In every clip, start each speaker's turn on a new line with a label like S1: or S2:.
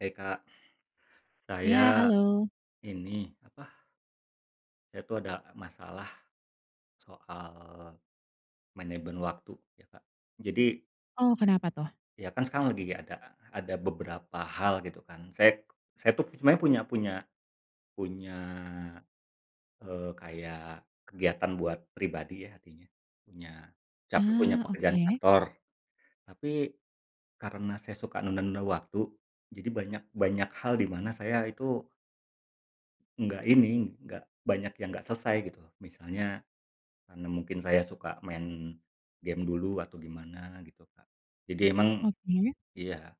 S1: Hai, Kak. Saya,
S2: Iya, halo.
S1: ini, apa saya tuh, ada masalah soal manajemen waktu, ya, Kak. Jadi
S2: Oh, kenapa tuh?
S1: Iya, kan, sekarang lagi nggak ada ada beberapa hal, gitu kan. Saya saya tuh, sebenarnya punya punya punya, eee, kayak, kegiatan buat pribadi ya, artinya, punya saya tuh punya
S2: Ah,
S1: pekerjaan
S2: oke?
S1: kantor. Tapi, karena saya suka nunda-nunda waktu, jadi banyak banyak hal dimana saya, itu nggak ini, nggak banyak yang nggak selesai, gitu. Misalnya, karena mungkin saya suka main game dulu, atau gimana, gitu, Kak. Jadi emang
S2: Oke?
S1: iya.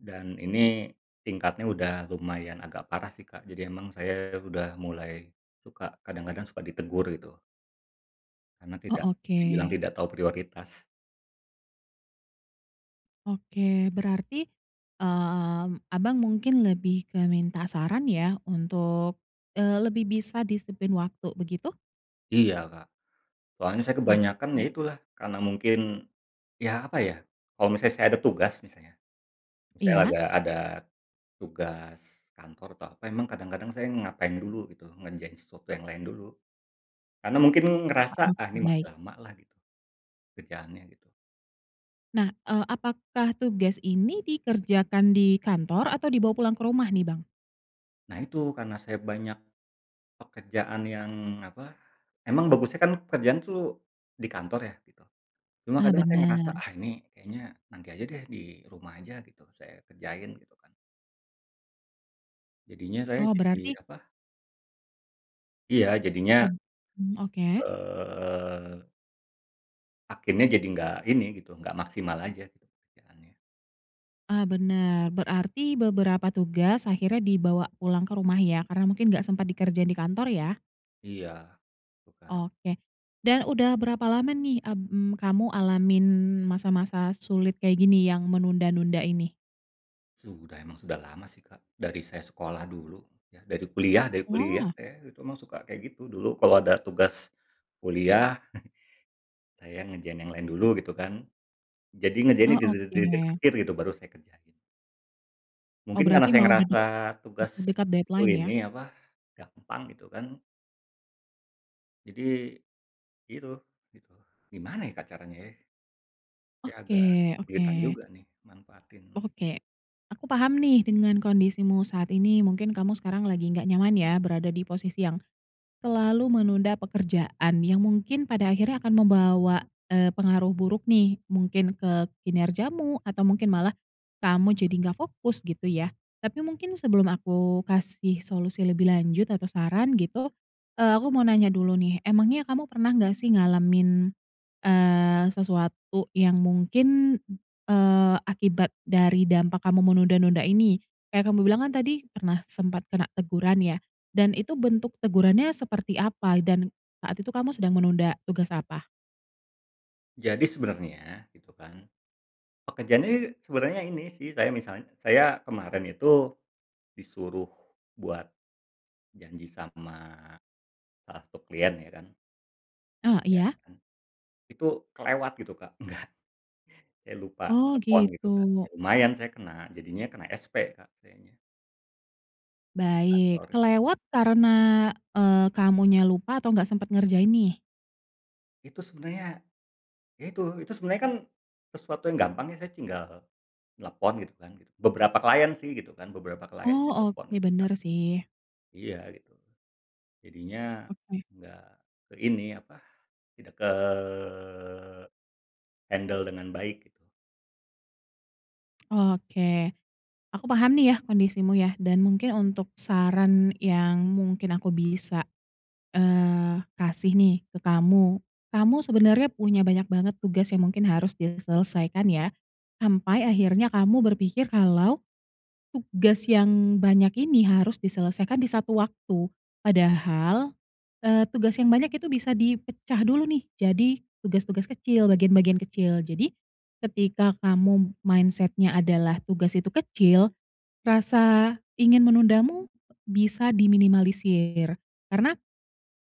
S1: Dan, ini tingkatnya udah lumayan agak parah sih, Kak, jadi memang saya sudah mulai suka kadang-kadang suka ditegur, gitu. Karena, tidak
S2: Oh,
S1: dibilang
S2: oke.
S1: tidak tahu prioritas.
S2: Oke, berarti, mmm, Abang mungkin lebih ke minta saran ya, untuk, eee, lebih bisa disiplin waktu, begitu?
S1: Iya, Kak, soalnya saya kebanyakan ya
S2: Oke.
S1: itulah karena mungkin ya apa ya, kalau misalnya saya ada tugas misalnya misalnya
S2: Iya.
S1: ada ada tugas kantor atau apa emang kadang-kadang saya ngapain dulu gitu ngerjain sesuatu yang lain dulu. Karena mungkin
S2: Ah
S1: ngerasa,
S2: oke,
S1: "Ah ini masih
S2: baik.
S1: lamalah gitu, kerjaannya gitu."
S2: Nah, eee, apakah tugas ini dikerjakan di kantor atau dibawa pulang ke rumah nih, Bang?
S1: Nah itu karena saya banyak pekerjaan yang apa, emang bagusnya kan pekerjaan itu di kantor ya gitu, cuma
S2: Ah
S1: kadang saya ngerasa,
S2: bener.
S1: "Ah ini kayaknya nanti aja deh di rumah aja gitu, saya kerjain gitu kan." Jadinya saya
S2: Oh
S1: jadi
S2: berarti
S1: apa Iya jadinya
S2: Mmm mmm oke.
S1: eee akhirnya jadi nggak ini gitu, nggak maksimal aja gitu kerjaannya.
S2: Ah bener berarti beberapa tugas akhirnya dibawa pulang ke rumah ya karena mungkin gak sempat dikerjain di kantor ya?
S1: Iya, bukan.
S2: Oke dan udah berapa lama nih, mmm, kamu alamin masa-masa sulit kayak gini yang menunda-nunda ini?
S1: Sudah emang sudah lama, sih, Kak, dari saya sekolah dulu ya. Dari kuliah, dari kuliah,
S2: Wah.
S1: eh, itu emang suka kayak gitu. Dulu kalau ada tugas kuliah, saya ngerjain yang lain dulu gitu, kan, Jadi ngerjain di
S2: Oh,
S1: det det detik-detik
S2: oke.
S1: akhir gitu baru saya kerjain.
S2: Oh,
S1: Mungkin karena
S2: berarti
S1: saya
S2: mau
S1: ngerasa
S2: dedek de dekat
S1: tugasku
S2: deadline,
S1: ini
S2: ya?
S1: apa, gampang gitu, kan. Jadi, gitu gitu. Gimana, ya, Kak, caranya ye? Ya agak
S2: Oke
S1: kelihatan
S2: oke.
S1: juga, nih, manfaatin
S2: Oke, aku paham nih dengan kondisimu saat ini mungkin kamu sekarang lagi nggak nyaman, ya, berada di posisi yang selalu menunda pekerjaan yang mungkin pada akhirnya akan membawa, eee, pengaruh buruk, nih, mungkin ke kinerjamu atau mungkin malah kamu jadi nggak fokus gitu, ya, tapi mungkin sebelum aku kasih solusi lebih lanjut atau saran gitu, eee, aku mau nanya dulu, nih, emangnya kamu pernah nggak, sih, ngalamin, eee, sesuatu yang mungkin, eee, akibat dari dampak kamu menunda-nunda ini? Kayak kamu bilang kan tadi pernah sempat kena teguran, ya, dan itu bentuk tegurannya seperti apa dan saat itu kamu sedang menunda tugas apa?
S1: Jadi sebenarnya gitu, kan, pekerjaan ini sebenarnya ini, sih, saya misalnya saya kemarin itu disuruh buat janji sama salah satu klien, ya, kan
S2: Eh,
S1: ya,
S2: iya.
S1: kan, itu kelewat gitu, Kak, enggak ya, lupa
S2: Oh,
S1: telepon gitu, kan,
S2: gitu.
S1: ya, lumayan saya kena jadinya kena SP, Kak, sayanya. Ah,
S2: Baik
S1: sorry.
S2: kelewat karena, eee, kamunya lupa atau nggak sempet ngerjain, nih?
S1: Itu sebenarnya, ya, itu. Itu sebenarnya, kan, sesuatu yang gampang saya tinggal nelepon gitu, kan, gitu. Beberapa klien, sih, gitu, kan, beberapa klien
S2: Oh,
S1: saya telepon
S2: oke
S1: gitu, kan.
S2: bener, sih.
S1: Iya gitu. Jadinya
S2: Oke.
S1: nggak ke ini apa, tidak ke handle dengan baik gitu.
S2: Oke, aku paham, nih, ya, kondisimu ya dan mungkin untuk saran yang mungkin aku bisa, eee, kasih, nih, ke kamu. Kamu sebenernya punya banyak banget tugas yang mungkin harus diselesaikan, ya, sampai akhirnya kamu berpikir kalau tugas yang banyak ini harus diselesaikan di satu waktu, padahal, eee, tugas yang banyak itu bisa dipecah dulu, nih, jadi tugas-tugas kecil, bagian-bagian kecil. Jadi ketika kamu mindset-nya adalah tugas itu kecil, rasa ingin menundamu bisa diminimalisir, karena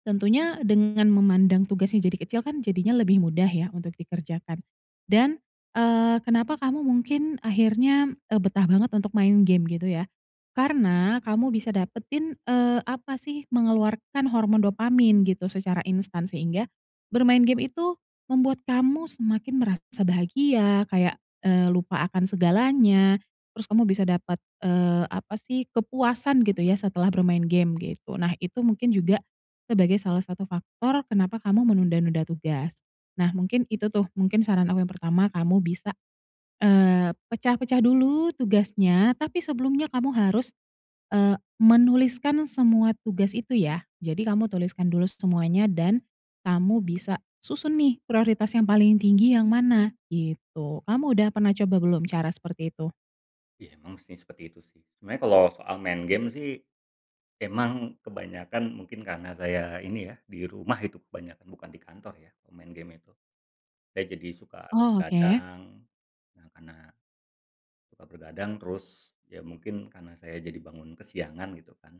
S2: tentunya dengan memandang tugasnya jadi kecil, kan, jadinya lebih mudah, ya, untuk dikerjakan. Dan, eee, kenapa kamu mungkin akhirnya, eee, betah banget untuk main game gitu, ya? Karena kamu bisa dapetin, eee, apa, sih, mengeluarkan hormon dopamin gitu secara instan sehingga, bermain game itu membuat kamu semakin merasa bahagia, kayak, eee, lupa akan segalanya, terus kamu bisa dapat, eee, apa, sih, kepuasan gitu, ya, setelah bermain game gitu. Nah, itu mungkin juga sebagai salah satu faktor kenapa kamu menunda-nunda tugas. Nah, mungkin itu, tuh, mungkin saran aku yang pertama kamu bisa, eee, pecah-pecah dulu tugasnya tapi sebelumnya kamu harus, eee, menuliskan semua tugas itu, ya, jadi kamu tuliskan dulu semuanya dan kamu bisa susun, nih, prioritas yang paling tinggi yang mana? Gitu kamu udah pernah coba belum cara seperti itu?
S1: Ya emang sih, seperti itu sih. Sebenarnya kalau soal main game sih, emang kebanyakan mungkin karena saya ini ya di rumah itu kebanyakan bukan di kantor ya, main game itu. Saya jadi suka
S2: Oh oke.
S1: bergadang, nah karena suka bergadang, terus ya mungkin karena saya jadi bangun kesiangan gitu kan.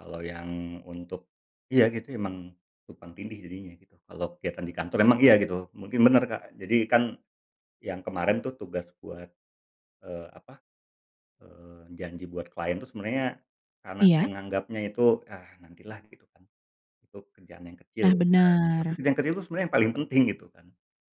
S1: Kalau yang untuk iya gitu emang tumpang tindih jadinya gitu. Kalau kegiatan di kantor emang iya gitu. Mungkin bener, Kak. Jadi kan yang kemarin tuh tugas buat, eee, apa, eee, janji buat klien itu sebenarnya karena saya
S2: Iya.
S1: nganggapnya itu, "Ah nantilah," gitu kan. Itu kerjaan yang kecil.
S2: Nah
S1: [unintelligible] Tapi
S2: bener.
S1: kerjaan kecil itu sebenarnya yang paling penting gitu kan.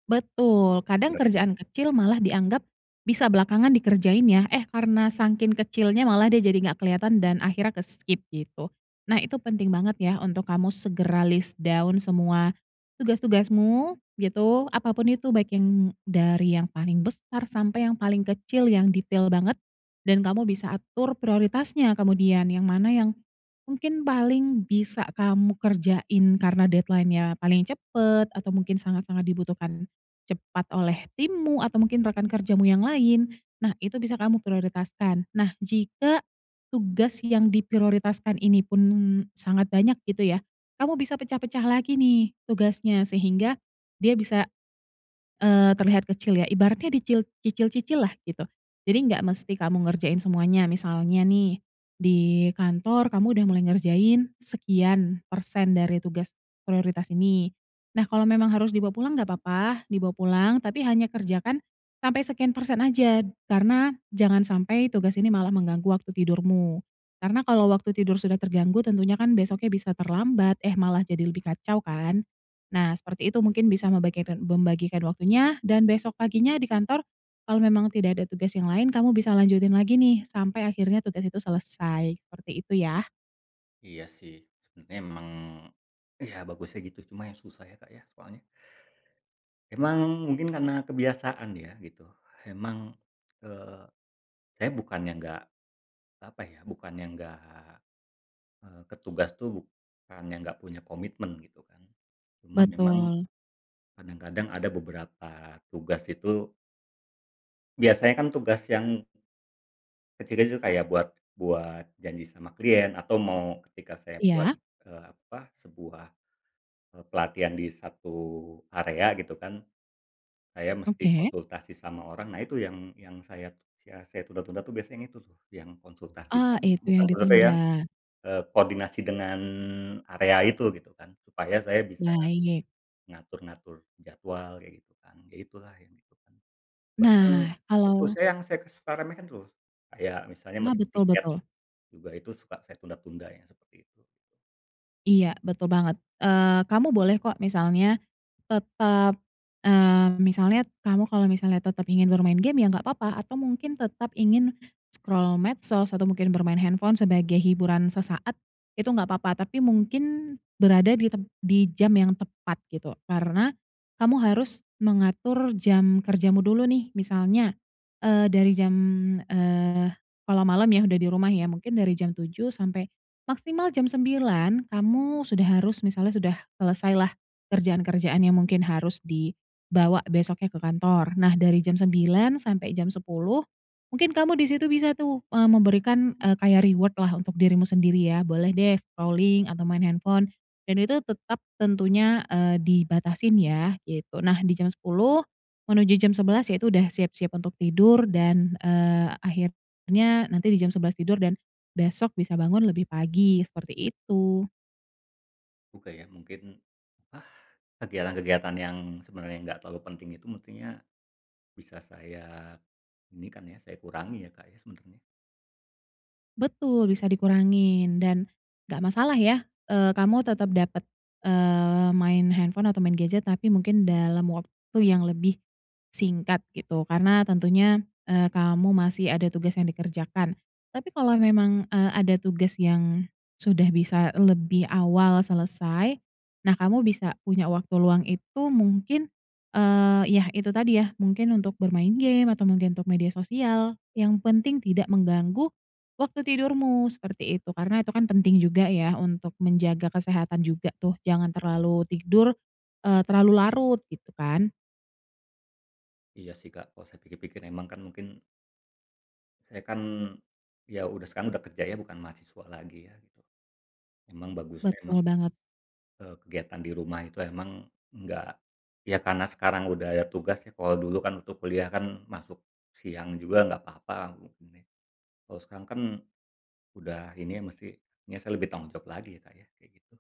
S2: Betul kadang kerjaan kecil malah
S1: [unintelligible]
S2: dianggap bisa belakangan dikerjain ya, eh karena saking kecilnya malah dia jadi gak kelihatan dan akhirnya ke-skip gitu nah itu penting banget ya untuk kamu segera list down semua tugas-tugasmu gitu, apa pun itu baik yang dari yang paling besar sampai yang paling kecil yang detail banget dan kamu bisa atur prioritasnya kemudian yang mana yang mungkin paling bisa kamu kerjain karena deadline-nya paling cepat atau mungkin sangat-sangat dibutuhkan cepat oleh timmu atau mungkin rekan kerjamu yang lain. Nah itu bisa kamu prioritaskan, nah, jika tugas yang diprioritaskan ini pun sangat banyak gitu ya kamu bisa pecah-pecah lagi nih tugasnya sehingga dia bisa, eee, terlihat kecil ya ibaratnya dicil cicil-cicillah gitu, jadi gak mesti kamu ngerjain semuanya misalnya nih di kantor kamu udah mulai ngerjain sekian persen dari tugas prioritas ini, nah kalau memang harus dibawa pulang gak papa dibawa pulang, tapi hanya kerjakan sampai sekian persen aja karena jangan sampai tugas ini malah mengganggu waktu tidurmu, karena kalau waktu tidur sudah terganggu tentunya kan besoknya bisa terlambat, eh malah jadi lebih kacau kan, nah seperti itu mungkin bisa membageden membagikan waktunya dan besok paginya di kantor kalau memang tidak ada tugas yang lain kamu bisa lanjutin lagi nih sampai akhirnya tugas itu selesai, seperti itu ya.
S1: Iya sih, emang iya bagusnya gitu, cuma yang susah ya, Kak, ya soalnya, emang mungkin karena kebiasaan ya gitu, emang, eee, saya bukannya enggak apa ya, bukannya nggak, eee, ke tugas itu bukan yang engga punya komitmen gitu kan. Cuma memang
S2: Betul.
S1: kadang-kadang ada beberapa tugas itu biasanya kan tugas yang, kecil itu kayak buat buat janji sama klien, atau mau ketika saya buat,
S2: Iya.
S1: eee, apa sebuah, eee, pelatihan di satu area gitu kan saya mesti
S2: Oke.
S1: konsultasi sama orang. Nah itu yang yang sayat ya saya tunda-tunda tuh biasanya yang itu tuh, yang konsultasi
S2: Ah
S1: sama
S2: itu yang ditunda.
S1: [unintelligible] eee, koordinasi dengan area itu gitu kan supaya saya bisa
S2: Baik.
S1: ngatur-ngatur jadwal kayak gitu kan, ya itulah yang itu kan. Bahkan
S2: Nah
S1: itu
S2: kalau
S1: saya yang saya ke suka remehkan terus. Kayak misalnya
S2: Ah,
S1: mesen
S2: betul
S1: tiket
S2: betul.
S1: juga itu suka saya tunda-tunda ya seperti itu.
S2: Iya, betul banget. Eee, kamu boleh kok, misalnya tetap, eee, misalnya, kamu kalau misalnya tetap ingin bermain game ya enggak apa-apa atau mungkin tetap ingin scroll medsos, atau mungkin bermain handphone sebagai hiburan sesaat, itu enggak apa-apa. Tapi mungkin berada di tem di jam yang tepat, gitu. Karena, kamu harus mengatur jam kerjamu dulu nih, misalnya, eee, dari jam, eee, kalau malam ya udah di rumah ya, mungkin dari jam 7 sampai maksimal jam 9 kamu sudah harus misalnya sudah selesai lah kerjaan-kerjaan yang mungkin harus dibawa besoknya ke kantor. Nah, dari jam 9 sampai jam 10 mungkin kamu di situ bisa tuh, eee, memberikan, eee, kayak reward lah untuk dirimu sendiri ya, boleh deh scrolling atau main handphone dan itu tetap tentunya, eee, dibatasin yah, gitu. Nah, di jam 10 menuju jam 11 yaitu udah siap-siap untuk tidur dan, eee, akhirnya nanti di jam 11 tidur dan besok bisa bangun lebih pagi, seperti itu.
S1: Ku kayak mungkin, ah, kegiatan-kegiatan yang sebenarnya enggak terlalu penting itu, mustinya, bisa saya ini kan ya, saya kurangi ya, Kak, ya sebenarnya.
S2: Betul, bisa dikurangin dan enggak masalah ya, eee, kamu tetap dapat, eee, main handphone atau main gadget tapi mungkin dalam waktu yang lebih singkat gitu, karena tentunya, eee, kamu masih ada tugas yang dikerjakan. Tapi kalau memang, eee, ada tugas yang sudah bisa lebih awal selesai, nah kamu bisa punya waktu luang itu mungkin, eee, yah itu tadi ya, mungkin untuk bermain game, atau mungkin untuk media sosial, yang penting, tidak mengganggu waktu tidurmu, seperti itu. Karena itu kan penting juga ya, untuk menjaga kesehatan juga tuh. Jangan terlalu tidur, eee, terlalu larut, gitu kan.
S1: Iya sih Kak, kalau saya pikir-pikir memang kan mungkin saya kan, ya udah sekarang udah kerja ya, bukan mahasiswa lagi ya gitu. Memang bagusnya emang,
S2: Betul banget.
S1: eee kegiatan di rumah itu memang enggak ya karena sekarang sudah ada tugas ya, kalau dulu kan waktu kuliah kan masuk siang juga enggak apa-apa. [unintelligible] Kalau sekarang kan, udah ini ya musti, ya saya lebih tanggung jawab lagi ya, Kak, ya. Kayak gitu.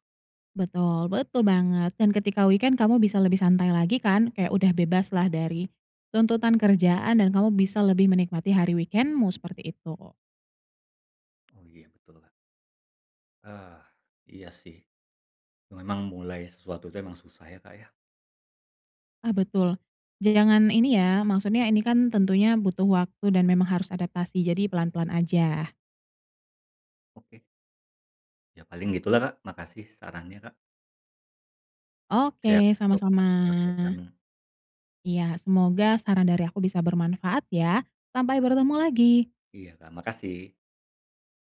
S2: Betul, betul banget, dan ketika weekend kamu bisa lebih santai lagi kan? Kayak udah bebaslah dari tuntutan kerjaan dan kamu bisa lebih menikmati hari weekend-mu seperti itu.
S1: Oh, iya, betul, Kak. Ah, iya sih. Memang mulai sesuatu itu memang susah ya, Kak, ya?
S2: Ah, betul. J jangan ini ya, maksudnya ini kan tentunya butuh waktu dan memang harus adaptasi, jadi pelan-pelan aja.
S1: Oke. Ya, paling gitu lah Kak, makasih sarannya Kak. Siap.
S2: Oke,
S1: Saya coba
S2: sama-sama.
S1: praktekkan.
S2: Iya, semoga saran dari aku bisa bermanfaat ya. Sampai bertemu lagi.
S1: Iya, Kak, makasih.